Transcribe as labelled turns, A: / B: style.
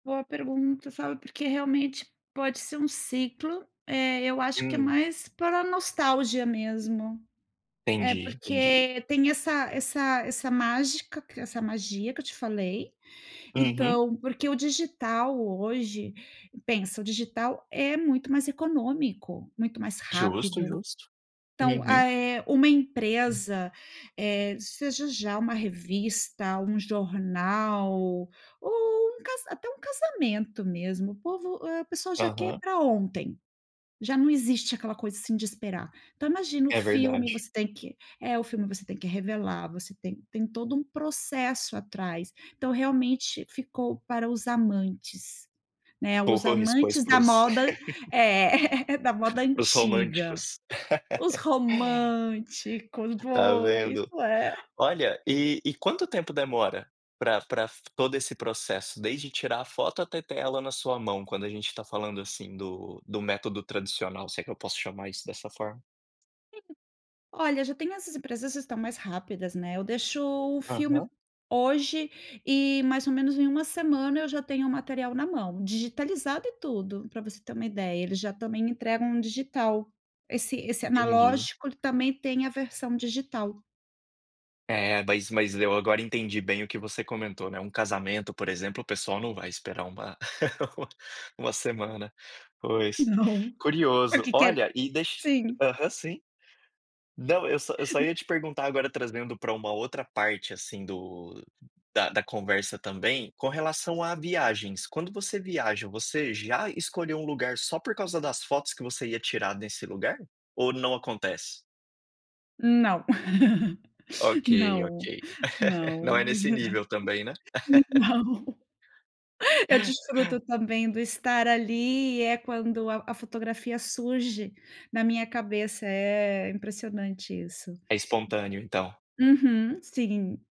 A: Boa pergunta, sabe, porque realmente pode ser um ciclo, eh, eu acho que é
B: Hum.
A: mais para a nostalgia mesmo. É,
B: Entendi, entendi.
A: porque tem essa essa essa mágica, essa magia, que eu te falei.
B: Uhum.
A: Então, porque o digital hoje, pensa, o digital é muito mais econômico, muito mais
B: Justo,
A: rápido.
B: justo.
A: Então, ah,
B: Uhum.
A: eh, uma empresa, eh, seja já uma revista, um jornal, ou um casa até um casamento mesmo, o povo, hã, a pessoa já quer
B: Aham.
A: pra ontem, já não existe aquela coisa, assim, de esperar. Então imagina o
B: É
A: filme,
B: verdade.
A: você tem que é, o filme você tem que revelar, você tem tem todo um processo atrás. Então realmente, ficou para os amantes, né, os
B: Pois, pois,
A: amantes
B: para
A: da
B: os
A: moda é, da moda
B: Para os
A: antiga.
B: românticos.
A: Os românticos,
B: Está
A: boa, isso
B: vendo.
A: é.
B: Olha, e e quanto tempo demora pra pra f todo esse processo, desde tirar a foto até ter ela na sua mão, quando a gente está falando, assim, do do método tradicional, se é que eu posso chamar isso dessa forma.
A: Olha, já tenho essas empresas estão mais rápidas, né, eu deixo o filme
B: Aham.
A: hoje e mais ou menos em 1 semana, eu já tenho o material na mão, digitalizado e tudo, pra você ter uma ideia, eles já também entregam digital. Esse esse
B: Entendi.
A: analógico também tem a versão digital.
B: É, mas mas eu agora entendi bem o que você comentou, né, um casamento, por exemplo, o pessoal não vai esperar uma uma semana. Pois,
A: Não,
B: curioso.
A: aqui quer
B: Olha, e deix
A: sim.
B: aham, sim. Não, eu só só ia te perguntar agora trazendo para uma outra parte, assim, do da da conversa também, com relação a viagens, quando você viaja, você já escolheu um lugar só por causa das fotos que você ia tirar nesse lugar? Ou não acontece?
A: Não.
B: Ok, ok.
A: não,
B: Não
A: não.
B: é nesse nível também, né.
A: Não. Eu desfruto também do estar ali, e é quando a a fotografia surge na minha cabeça, é impressionante isso.
B: É espontâneo, então.
A: Uhum, sim.